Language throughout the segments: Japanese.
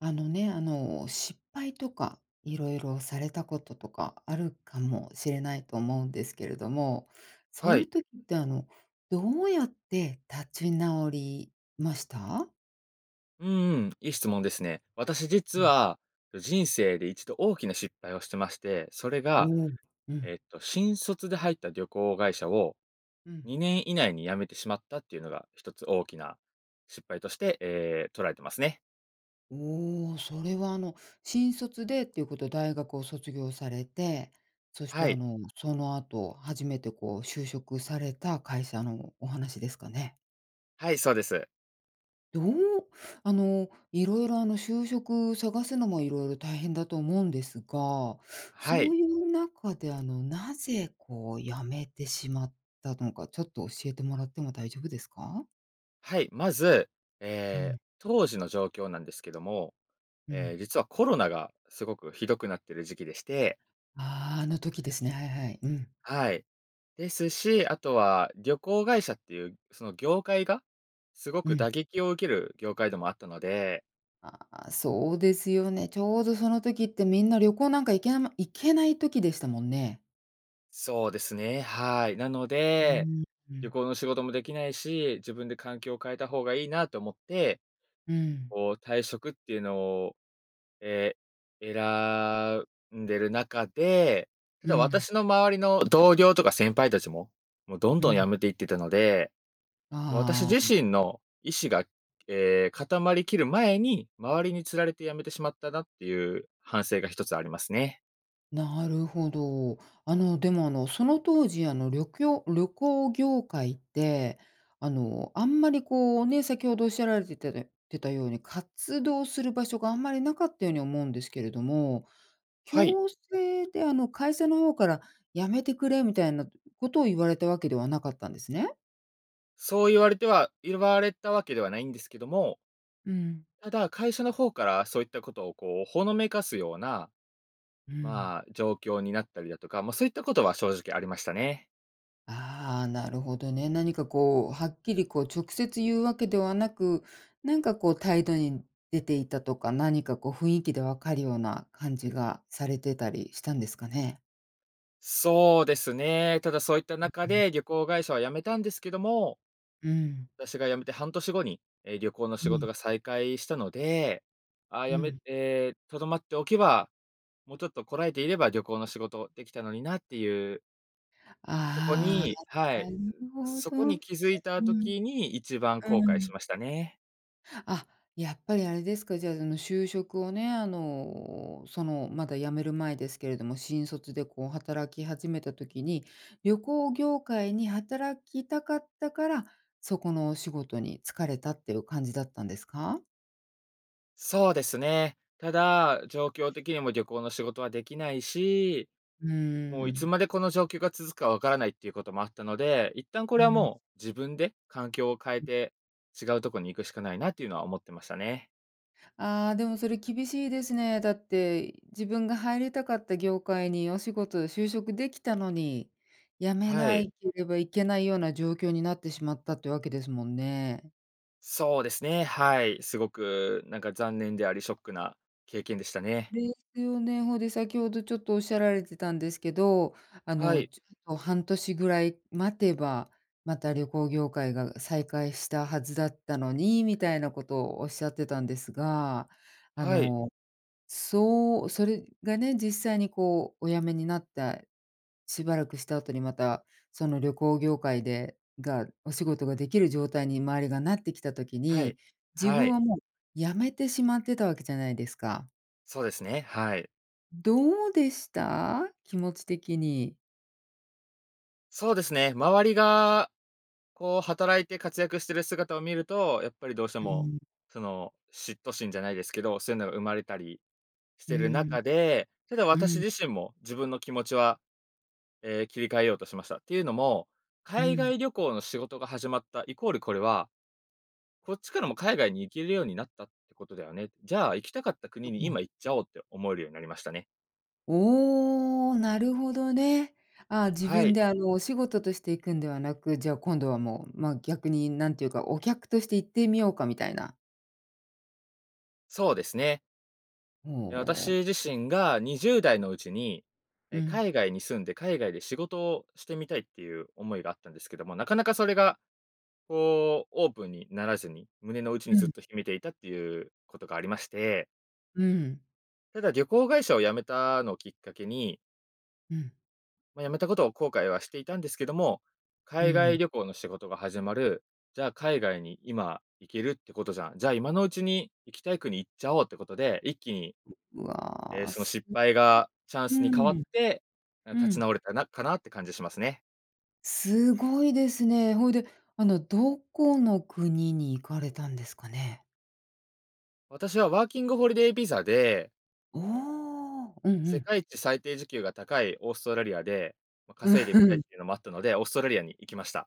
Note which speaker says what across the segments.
Speaker 1: あのね、あの、失敗とか、色々されたこととか、あるかもしれないと思うんですけれども、そう
Speaker 2: は
Speaker 1: い
Speaker 2: い。
Speaker 1: う時って、あの、どうやって立ち直りました？
Speaker 2: うーん、いい質問ですね。私、実
Speaker 1: うん。
Speaker 2: は人生で1度大きな失敗をしてまして、それ
Speaker 1: う
Speaker 2: が
Speaker 1: ーん、うん。
Speaker 2: えっと、新卒で入った旅行会社を
Speaker 1: うん。
Speaker 2: 2年以内に辞めてしまったっていうのが、1つ大きな失敗として、え、捉えていますね。
Speaker 1: おお、それは、あの、新卒でっていうこと、大学を卒業されて、そして、
Speaker 2: は
Speaker 1: あ
Speaker 2: い。
Speaker 1: の、その後、初めてこう就職された会社のお話ですかね？
Speaker 2: はい、そうです。
Speaker 1: どうあの、色々、あの、就職探すのも色々大変だと思うんですが、
Speaker 2: は
Speaker 1: そ
Speaker 2: い。
Speaker 1: ういう中で、あの、なぜこう辞めてしまったのか、ちょっと教えてもらっても大丈夫ですか？
Speaker 2: はい、まず、
Speaker 1: う
Speaker 2: え、
Speaker 1: ん。
Speaker 2: 当時の状況なんですけども、
Speaker 1: う
Speaker 2: え、
Speaker 1: ん。
Speaker 2: 実はコロナがすごく、ひどくなってる時期でして。
Speaker 1: ああ、あの時ですね、はいはい。うん。
Speaker 2: はい、ですし、あとは旅行会社っていう、その業界が、すご
Speaker 1: う
Speaker 2: く
Speaker 1: ん。
Speaker 2: 打撃を受ける業界でもあったので。
Speaker 1: あ、そうですよね。ちょうどその時ってみんな旅行なんか行けなま行けない時でしたもんね。
Speaker 2: そうですね、はい。なの
Speaker 1: うー
Speaker 2: で、
Speaker 1: ん。う
Speaker 2: 旅
Speaker 1: ん。
Speaker 2: 行の仕事もできないし、自分で環境を変えた方がいいなと思って、
Speaker 1: うん。
Speaker 2: こう、退職っていうのを、え、選んでる中で、た
Speaker 1: う
Speaker 2: だ
Speaker 1: ん。
Speaker 2: 私の周りの同僚とか先輩たちも、もうどん
Speaker 1: う
Speaker 2: どん辞
Speaker 1: ん。
Speaker 2: めていってたので、私
Speaker 1: あ
Speaker 2: 自
Speaker 1: あ、ん。
Speaker 2: 身の意思が、え、固まり切る前に、周りに釣られて辞めてしまったなっていう、反省が1つありますね。
Speaker 1: なるほど。あのでも、あの、その当時あの、りょきょう旅行業界って、あのあんまりこうね、先ほどおっしゃられてたでてたように活動する場所があんまりなかったように思うんですけれども、
Speaker 2: はい。
Speaker 1: 強制であの会社の方から辞めてくれみたいなことを言われたわけではなかったんですね？
Speaker 2: そう言われては言われたわけではないんですけども
Speaker 1: うん。
Speaker 2: ただ、会社の方からそういったことをこう、ほのめかすような、
Speaker 1: うん。
Speaker 2: まあ、状況になったりだとか、まあ、そういったことは正直ありましたね。
Speaker 1: ああ、なるほどね、何かこうはっきりこう直接言うわけではなく、なんかこう態度に出ていたとか、何かこう雰囲気で分かるような感じがされてたりしたんですかね？
Speaker 2: そうですね。ただそういった
Speaker 1: う
Speaker 2: 中
Speaker 1: うん。
Speaker 2: で、旅行会社は辞めたんですけども
Speaker 1: うん。
Speaker 2: 私が辞めて半年後に、え、旅行の仕
Speaker 1: う
Speaker 2: 事
Speaker 1: ん。
Speaker 2: が再開したので、ああ、
Speaker 1: う
Speaker 2: 辞め
Speaker 1: ん。
Speaker 2: え、とどまっておけば、もうちょっとこらえていれば旅行の仕事できたのになっていう。そこ
Speaker 1: ああ、
Speaker 2: に、は
Speaker 1: なな
Speaker 2: い、
Speaker 1: るほ
Speaker 2: そこ
Speaker 1: どね、
Speaker 2: に気づいた
Speaker 1: うん、
Speaker 2: 時に1番後
Speaker 1: う
Speaker 2: 悔
Speaker 1: ん
Speaker 2: しましたね。
Speaker 1: あ、やっぱりあれですか、じゃあその就職をね、あの、そのまだ辞める前ですけれども、新卒でこう働き始めた時に、旅行業界に働きたかったから、そこのお仕事に就かれたっていう感じだったんですか？
Speaker 2: そうですね。ただ、状況的にも旅行の仕事はできないし、
Speaker 1: うー
Speaker 2: もういつ
Speaker 1: ん。
Speaker 2: までこの状況が続くか分からないっていうこともあったので、一旦こ
Speaker 1: う
Speaker 2: れは
Speaker 1: ん。
Speaker 2: もう、自分で、環境を変え
Speaker 1: うん。
Speaker 2: て、違うとこに行くしかないなっていうのは思ってましたね。
Speaker 1: ああ、でもそれ厳しいですね。だって、自分が入りたかった業界にお仕事就職できたのに、辞め
Speaker 2: は
Speaker 1: な
Speaker 2: い。
Speaker 1: いければいけないような状況になってしまったっていうわけですもんね。
Speaker 2: そうですね、はい。すごくなんか残念であり、ショックな経験でしたね。
Speaker 1: ですよね、ほで、先ほどちょっとおっしゃられてたんですけど、あ
Speaker 2: は
Speaker 1: の、
Speaker 2: い。
Speaker 1: ちょっと半年ぐらい待てば、また旅行業界が再開したはずだったのに、みたいなことをおっしゃってたんですが、あ
Speaker 2: はい。
Speaker 1: の、そうそれがね、実際にこうお辞めになった、しばらくした後にまた、その旅行業界で、が、お仕事ができる状態に周りがなってきた時
Speaker 2: はい、
Speaker 1: に、自
Speaker 2: は
Speaker 1: 分
Speaker 2: い。
Speaker 1: はもう辞めてしまってたわけじゃないですか。
Speaker 2: そうですね、はい。
Speaker 1: どうでした？気持ち的に。
Speaker 2: そうですね、周りがこう働いて活躍してる姿を見ると、やっぱりどうして
Speaker 1: う
Speaker 2: も、
Speaker 1: ん。
Speaker 2: その、嫉妬心じゃないですけど、そういうのが生まれたりし
Speaker 1: うー
Speaker 2: てる
Speaker 1: ん、
Speaker 2: 中で、ただ
Speaker 1: う
Speaker 2: 私
Speaker 1: ん。
Speaker 2: 自身も自分の気持ちは、ええ、切り替えようとしました。ていうのも、
Speaker 1: う
Speaker 2: 海
Speaker 1: ん。
Speaker 2: 外旅行の仕事が始まったイコール、これは、こっちからも海外に行けるようになったってことだよね。じゃあ、行きたかった
Speaker 1: う
Speaker 2: 国に、
Speaker 1: うん。
Speaker 2: 今行っちゃおうって思えるようになりましたね。
Speaker 1: おお、なるほどね。あ、自
Speaker 2: は
Speaker 1: 分
Speaker 2: い。
Speaker 1: であのお仕事としていくんではなく、じゃあ今度はもう、まあ、逆に何ていうかお客として行ってみようかみたいな。
Speaker 2: そうですね。え、
Speaker 1: ほう。
Speaker 2: 私自身が20代のうちに、
Speaker 1: う
Speaker 2: え、
Speaker 1: ん。
Speaker 2: 海外に住んで海外で仕事をしてみたいっていう思いがあったんですけども、なかなかそれが、こうオープンにならずに、胸の内に
Speaker 1: う
Speaker 2: ずっ
Speaker 1: ん。
Speaker 2: と秘めていたっていうことがありまして
Speaker 1: うん。
Speaker 2: ただ、旅行会社を辞めたのをきっかけに
Speaker 1: うん。
Speaker 2: まあ、辞めたことを後悔はしていたんですけども
Speaker 1: うー
Speaker 2: 「海外
Speaker 1: ん。
Speaker 2: 旅行の仕事が始まる、じゃあ海外に今行けるってことじゃん、じゃあ今のうちに行きたい国行っちゃおう」ってことで、一気に、
Speaker 1: うう
Speaker 2: え、
Speaker 1: わ、
Speaker 2: その
Speaker 1: す、
Speaker 2: 失
Speaker 1: [unintelligible]
Speaker 2: 敗がチャン
Speaker 1: う
Speaker 2: スに変わっ
Speaker 1: ん、
Speaker 2: て、な
Speaker 1: う
Speaker 2: 立ち
Speaker 1: ん。
Speaker 2: 直れたなかなって感じしますね。
Speaker 1: すごいですね。ほいで、あのどこの国に行かれたんですかね？
Speaker 2: 私はワーキングホリデービザで
Speaker 1: おお、うんう
Speaker 2: 世
Speaker 1: ん。
Speaker 2: 界一最低時給が高いオーストラリアで、まあ、
Speaker 1: う、
Speaker 2: 稼いで
Speaker 1: ふ
Speaker 2: みたいっ
Speaker 1: ん。
Speaker 2: ていうのもあったので、オーストラリアに行きました。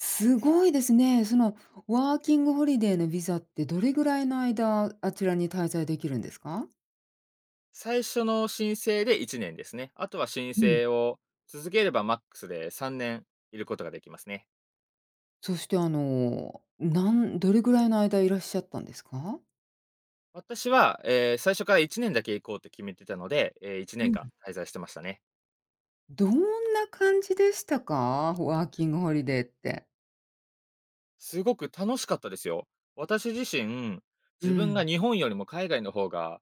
Speaker 1: すごいですね。そのワーキングホリデーのビザってどれぐらいの間あちらに滞在できるんですか？
Speaker 2: 最初の申請で1年ですね。あとは申
Speaker 1: うん。
Speaker 2: 請を続ければマックスで3年いることができますね。
Speaker 1: そしてあの、なんどれぐらいの間いらっしゃったんですか？
Speaker 2: 私は、え、最初から1年だけ行こうって決めてたので、え、いちね
Speaker 1: う
Speaker 2: んか
Speaker 1: ん。
Speaker 2: ん滞在してましたね。
Speaker 1: どんな感じでしたか？ワーキングホリデーって。
Speaker 2: すごく楽しかったですよ。私自身、
Speaker 1: う
Speaker 2: 自分が
Speaker 1: ん。
Speaker 2: 日本よりも海外の方が、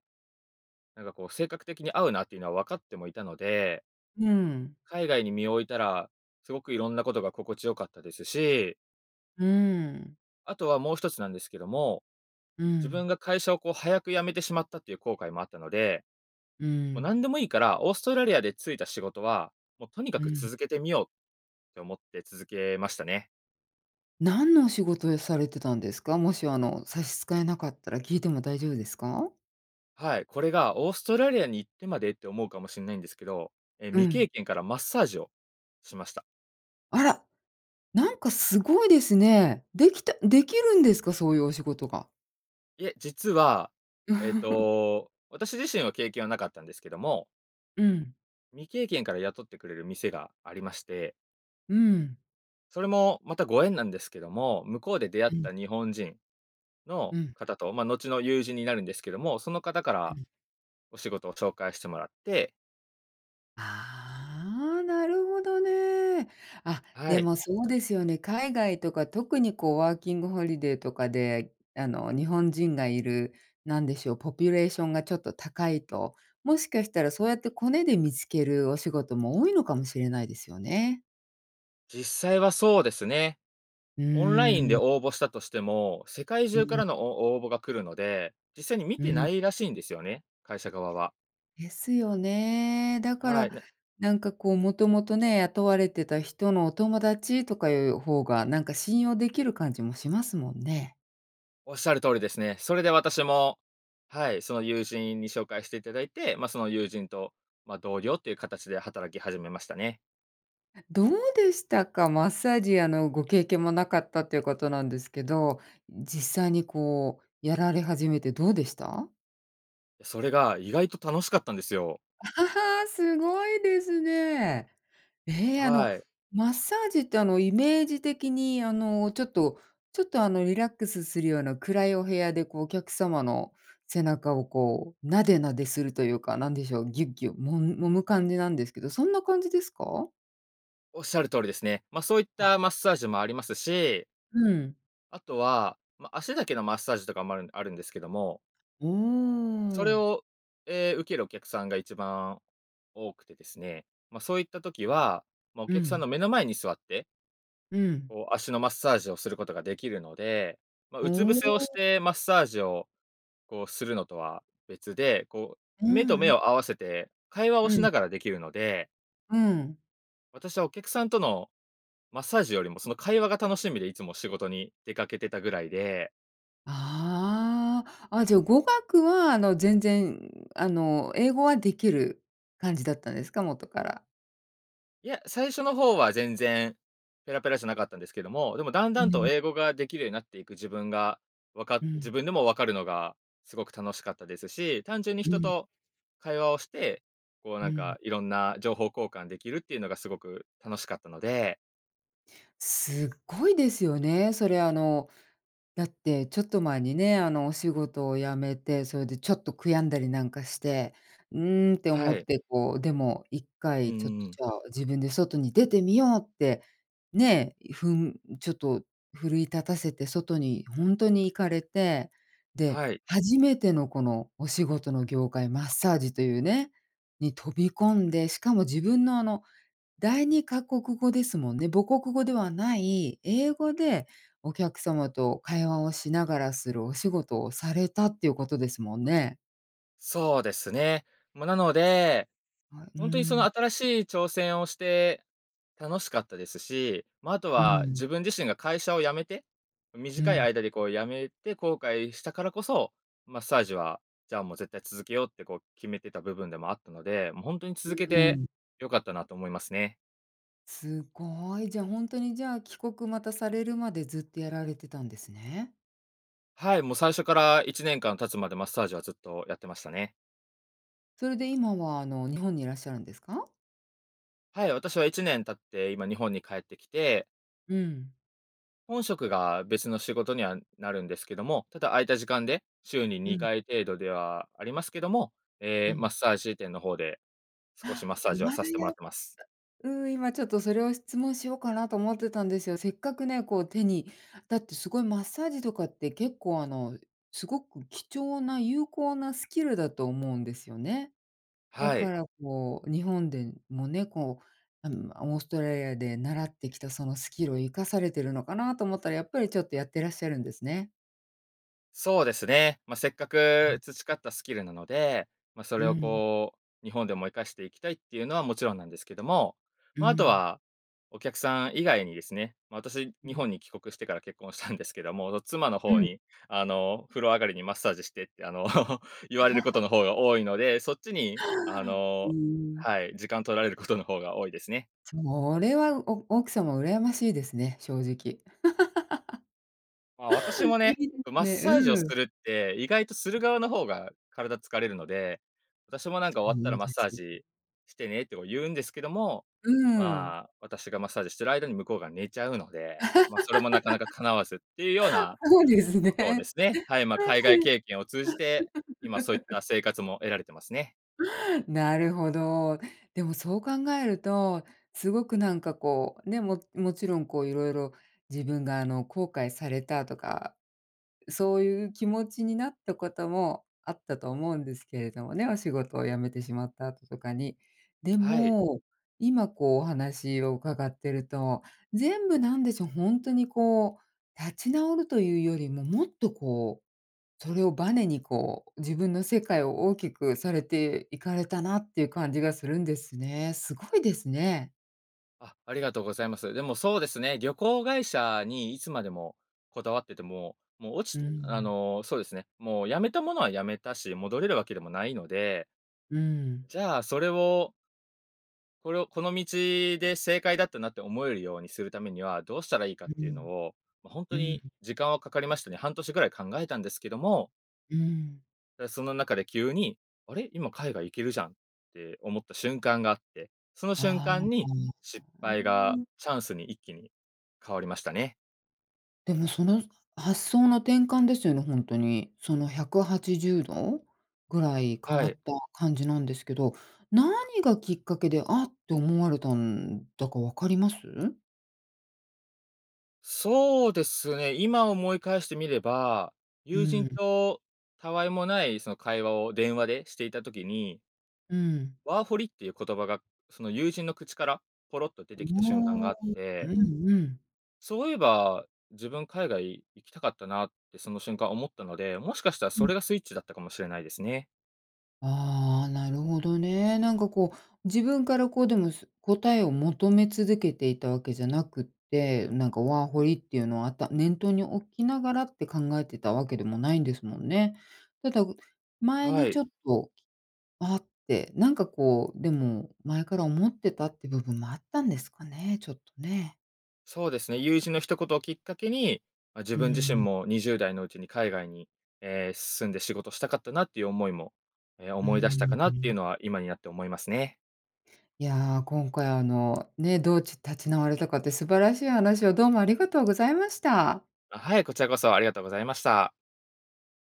Speaker 2: なんかこう性格的に合うなっていうのは分かってもいたので
Speaker 1: ふん。
Speaker 2: 海外に身を置いたら、すごくいろんなことが心地よかったですし
Speaker 1: うーん。
Speaker 2: あとはもう1つなんですけども、
Speaker 1: う
Speaker 2: 自分
Speaker 1: ん。
Speaker 2: が会社をこう早く辞めてしまったっていう後悔もあったので。
Speaker 1: う
Speaker 2: もう
Speaker 1: ん。
Speaker 2: 何でもいいから、オーストラリアで就いた仕事は、もうとにか
Speaker 1: う
Speaker 2: く
Speaker 1: ん。
Speaker 2: 続けてみようって思って続けましたね。
Speaker 1: 何のお仕事をされてたんですか？もし、あの、差し支えなかったら聞いても大丈夫ですか？
Speaker 2: はい、これが、オーストラリアに行ってまでって思うかもしんないんですけど、え、
Speaker 1: う
Speaker 2: 未
Speaker 1: ん。
Speaker 2: 経験からマッサージをしました。
Speaker 1: あら、なんかすごいですね。できたできるんですか？そういうお仕事が。
Speaker 2: いえ、実は、えっ と、私自身は経験はなかったんですけども
Speaker 1: うん。
Speaker 2: 未経験から雇ってくれる店がありまして。
Speaker 1: うーん。
Speaker 2: それもまた、ご縁なんですけども、向こうで出会っ
Speaker 1: うん。
Speaker 2: た日本人
Speaker 1: う
Speaker 2: の
Speaker 1: ん。
Speaker 2: 方と、ま、後の友人になるんですけども、その方か
Speaker 1: う
Speaker 2: ら
Speaker 1: ん。
Speaker 2: お仕事を紹介してもらって。
Speaker 1: ああ、なるほどね。あっ、
Speaker 2: は
Speaker 1: で
Speaker 2: い。
Speaker 1: もそうですよね、海外とか、特にこうワーキングホリデーとかで、あの日本人がいる、なんでしょう、ポピュレーションがちょっと高いと、もしかしたらそうやってコネで見つけるお仕事も多いのかもしれないですよね。
Speaker 2: 実際はそうですね。
Speaker 1: う
Speaker 2: オンラインで
Speaker 1: ーん。
Speaker 2: 応募したとしても、世界
Speaker 1: う
Speaker 2: 中か
Speaker 1: ん。
Speaker 2: らのお応募が来るので、実際に見
Speaker 1: う
Speaker 2: てな
Speaker 1: ん。
Speaker 2: いらしいんですよね、会社側は。
Speaker 1: ですよね。だか
Speaker 2: はい、
Speaker 1: ら
Speaker 2: な
Speaker 1: なんかこうもともとね、雇われてた人のお友達とかいう方が、なんか信用できる感じもしますもんね。
Speaker 2: おっしゃる通りですね。それで私も、はい。その友人に紹介していただいて、ま、その友人と、ま、同僚っていう形で働き始めましたね。
Speaker 1: どうでしたか？マッサージ、あの、ご経験もなかったっていうことなんですけど、実際にこうやられ始めてどうでした？
Speaker 2: それが意外と楽しかったんですよ。
Speaker 1: あ、ははあ、すごいですね。え、あの、
Speaker 2: はい。
Speaker 1: マッサージって、あの、イメージ的に、あの、ちょっとちょっと、あの、リラックスするような暗いお部屋で、こうお客様の背中を、こうなでなでするというか、何でしょう。ギュッギュ揉む揉む感じなんですけど、そんな感じですか？
Speaker 2: おっしゃる通りですね。ま、そういっ
Speaker 1: あ。
Speaker 2: たマッサージもありますし
Speaker 1: うん。
Speaker 2: あとは、ま、足だけのマッサージとかもあるあるんですけども
Speaker 1: うー
Speaker 2: それ
Speaker 1: ん。
Speaker 2: をえ、受けるお客さんが一番多くてですね、ま、そういった時は、ま、お
Speaker 1: う
Speaker 2: 客さん
Speaker 1: ん。
Speaker 2: の目の前に座って
Speaker 1: うん。
Speaker 2: こう足のマッサージをすることができるので、まあ、
Speaker 1: お
Speaker 2: うつ伏せをし
Speaker 1: お。
Speaker 2: てマッサージをこうするのとは別で、こう
Speaker 1: う
Speaker 2: 目と
Speaker 1: んう
Speaker 2: 目
Speaker 1: ん。
Speaker 2: を合わせて会話を
Speaker 1: う
Speaker 2: し
Speaker 1: ん。
Speaker 2: ながらできるので。
Speaker 1: うん。
Speaker 2: 私はお客さんとのマッサージよりもその会話が楽しみでいつも仕事に出かけてたぐらいで。
Speaker 1: ああ、あ、じゃ語学は、あの、全然、あの、英語はできる感じだったんですか？元から。
Speaker 2: いや、最初の方は全然ペラペラじゃなかったんですけども、でもだん
Speaker 1: う
Speaker 2: だんと
Speaker 1: ん。
Speaker 2: 英語ができるようになっていく自分が、わか
Speaker 1: う
Speaker 2: 自
Speaker 1: ん。
Speaker 2: 分でも分かるのがすごく楽しかったですし、単純に
Speaker 1: う
Speaker 2: 人
Speaker 1: ん。
Speaker 2: と会話をして、こう
Speaker 1: う
Speaker 2: なん
Speaker 1: ん。
Speaker 2: かいろんな情報交換できるっていうのがすごく楽しかったので。
Speaker 1: すっごいですよね。それあの、だってちょっと前にね、あのお仕事を辞めて、それでちょっと悔やんだりなんかして、うんって思
Speaker 2: は
Speaker 1: っ
Speaker 2: い。
Speaker 1: て、こう、でもいっか
Speaker 2: うんう
Speaker 1: いちょっ
Speaker 2: んうん。
Speaker 1: と自分で外に出てみようって、ね。ふんちょっと奮い立たせて外に本当に行かれて。で、
Speaker 2: はい。
Speaker 1: 初めてのこのお仕事の業界、マッサージというね、に飛び込んで、しかも自分のあの、第二カ国語ですもんね、母国語ではない英語でお客様と会話をしながらするお仕事をされたっていうことですもんね。
Speaker 2: そうですね。ま、なので、
Speaker 1: あ、う
Speaker 2: ほんとにその
Speaker 1: ん。
Speaker 2: 新しい挑戦をして、楽しかったですし、ま、あと
Speaker 1: う
Speaker 2: は
Speaker 1: ん。
Speaker 2: 自分自身が会社を辞めて、
Speaker 1: う
Speaker 2: 短い
Speaker 1: ん。
Speaker 2: 間でこう辞めて後悔したからこそ、マッサージは、じゃあもう絶対続けようってこう決めてた部分でもあったので、もうほんとに
Speaker 1: う
Speaker 2: 続け
Speaker 1: う
Speaker 2: て
Speaker 1: ん。
Speaker 2: 良かったなと思いますね。
Speaker 1: すごい。じゃあ、ほんとにじゃあ、帰国またされるまでずっとやられてたんですね。
Speaker 2: はい、もう最初から1年間経つまでマッサージはずっとやってましたね。
Speaker 1: それで今はあの日本にいらっしゃるんですか？
Speaker 2: はい、私は1年経って今日本に帰ってきて
Speaker 1: うん。
Speaker 2: 本職が別の仕事にはなるんですけども、ただ空いた時間で、週に
Speaker 1: う
Speaker 2: に
Speaker 1: ん。
Speaker 2: かい程度ではありますけども、え
Speaker 1: う
Speaker 2: え
Speaker 1: ん。
Speaker 2: マッサージ店の方で、少し
Speaker 1: あ、
Speaker 2: マッサー
Speaker 1: い
Speaker 2: ジは
Speaker 1: ま
Speaker 2: さ
Speaker 1: だ
Speaker 2: せてもら
Speaker 1: や
Speaker 2: っ
Speaker 1: っ
Speaker 2: てます。
Speaker 1: うん、今ちょっとそれを質問しようかなと思ってたんですよ、せっかくね、こう手に、だってすごいマッサージとかって結構、あのすごく貴重な有効なスキルだと思うんですよね。だ
Speaker 2: はい。
Speaker 1: からこう日本でもね、こう、あの、オーストラリアで習ってきたそのスキルを活かされているのかなと思ったら、やっぱりちょっとやってらっしゃるんですね。
Speaker 2: そうですね。ま、せっか
Speaker 1: う
Speaker 2: く
Speaker 1: ん。
Speaker 2: 培ったスキルなので、ま、そ
Speaker 1: う
Speaker 2: れを
Speaker 1: ん。
Speaker 2: こう日本でも活かしていきたいっていうのはもちろんなんですけども、
Speaker 1: う
Speaker 2: ま、あと
Speaker 1: ん。
Speaker 2: は、お客さん以外にですね、ま、私
Speaker 1: う
Speaker 2: 日
Speaker 1: ん。
Speaker 2: 本に帰国してから結婚したんですけども、ど妻の
Speaker 1: う
Speaker 2: 方
Speaker 1: ん。
Speaker 2: に、あの、風呂上がりにマッサージしてって、あの、言われること の方が多いので、そっちにあ
Speaker 1: う
Speaker 2: の、
Speaker 1: ん。
Speaker 2: はい、時間取られることの方が多いですね。
Speaker 1: それは、お奥様羨ましいですね、正直。
Speaker 2: ま、私も
Speaker 1: いい
Speaker 2: ね、
Speaker 1: で
Speaker 2: こ、マ
Speaker 1: す
Speaker 2: ッ
Speaker 1: ね、
Speaker 2: サージをす
Speaker 1: うん。
Speaker 2: るって、意外とする
Speaker 1: うん。
Speaker 2: 側の方が体疲れるので、私もなんか
Speaker 1: そ
Speaker 2: 「終わったら
Speaker 1: う
Speaker 2: マッ
Speaker 1: で
Speaker 2: サー
Speaker 1: す。
Speaker 2: ジしてね」ってこう言うんですけども、
Speaker 1: うーん。
Speaker 2: ま、私がマッサージしてる間に向こうが寝ちゃうので、ま、それもなかなか叶わずっていうよう な、
Speaker 1: そうです
Speaker 2: ことをで
Speaker 1: ね。
Speaker 2: すね、はい、ま、海外経験を通じて、今そういっ た生活も得られてますね。
Speaker 1: なるほど。でもそう考えると、すごくなんかこう、ね、ももちろんこういろいろ自分があの後悔されたとか、そういう気持ちになったこともあったと思うんですけれどもね、お仕事を辞めてしまった後とかに。で
Speaker 2: はい。
Speaker 1: も、今こうお話を伺ってると、全部なんでしょう、ほんとにこう、立ち直るというよりも、もっとこう、それをバネにこう、自分の世界を大きくされていかれたなっていう感じがするんですね。すごいですね。
Speaker 2: あ、ありがとうございます。でもそうですね、旅行会社にいつまでもこだわってても、もう落
Speaker 1: う
Speaker 2: ちあ
Speaker 1: ん。
Speaker 2: の、そうですね、もう辞めたものは辞めたし、戻れるわけでもないので
Speaker 1: うん。
Speaker 2: じゃあ、それをこれをこの道で正解だったなって思えるようにするためには、どうしたらいいか
Speaker 1: う
Speaker 2: っ
Speaker 1: う
Speaker 2: ていうの
Speaker 1: ん。
Speaker 2: を、ま、本
Speaker 1: う
Speaker 2: 当に
Speaker 1: ん。
Speaker 2: 時間はかかりましたね、半年ぐらい考えたんですけども
Speaker 1: うーん。
Speaker 2: で、その中で急に、あれ、今海外行けるじゃんって思った瞬間があって、その瞬
Speaker 1: ああ、
Speaker 2: 間
Speaker 1: あ。
Speaker 2: に、失
Speaker 1: うー
Speaker 2: 敗が
Speaker 1: ん。
Speaker 2: チャンスに一気に変わりましたね。
Speaker 1: でもその発想の転換ですよね、ほんとに。その180度ぐらい変
Speaker 2: は
Speaker 1: わ
Speaker 2: い。
Speaker 1: った感じなんですけど、何がきっかけで、あ、って思われたんだか分かります？
Speaker 2: そうですね。今思い返してみれば、
Speaker 1: う
Speaker 2: 友
Speaker 1: ー
Speaker 2: 人
Speaker 1: ん。
Speaker 2: とたわいもないその会話を電話でしていた時に
Speaker 1: うーん。
Speaker 2: ワーホリっていう言葉が、その友人の口からポロッと出
Speaker 1: う
Speaker 2: て
Speaker 1: ー
Speaker 2: きた瞬間
Speaker 1: ん。
Speaker 2: があって
Speaker 1: うんうん。
Speaker 2: そういえば、自分海外行きたかったなってその瞬間思ったので、もしかしたら
Speaker 1: う
Speaker 2: そ
Speaker 1: ん。
Speaker 2: れがスイッチだったかもしれないですね。
Speaker 1: あ、なるほどね。なんかこう自分からこう、でもす答えを求め続けていたわけじゃなくって、なんかワーホリっていうのはあった念頭に置きながらって考えてたわけでもないんですもんね。ただ、う前
Speaker 2: は
Speaker 1: に
Speaker 2: い。
Speaker 1: ちょっとあって、なんかこう、でも前から思ってたっていう部分もあったんですかね。ちょっとね。
Speaker 2: そうですね、友人の一言をきっかけに、ま、自
Speaker 1: う
Speaker 2: 分自身
Speaker 1: ーん。
Speaker 2: も20代のうちに海外に、え、住んで仕事したかったなっていう思いも、え、
Speaker 1: うー
Speaker 2: 思い出した
Speaker 1: ん、
Speaker 2: かな
Speaker 1: う
Speaker 2: っていう
Speaker 1: ん。
Speaker 2: のは今になって思いますね。
Speaker 1: いや、今回あのね、どうち立ち直れたかって素晴らしい話をどうもありがとうございました。
Speaker 2: あ、はい、こちらこそありがとうございました。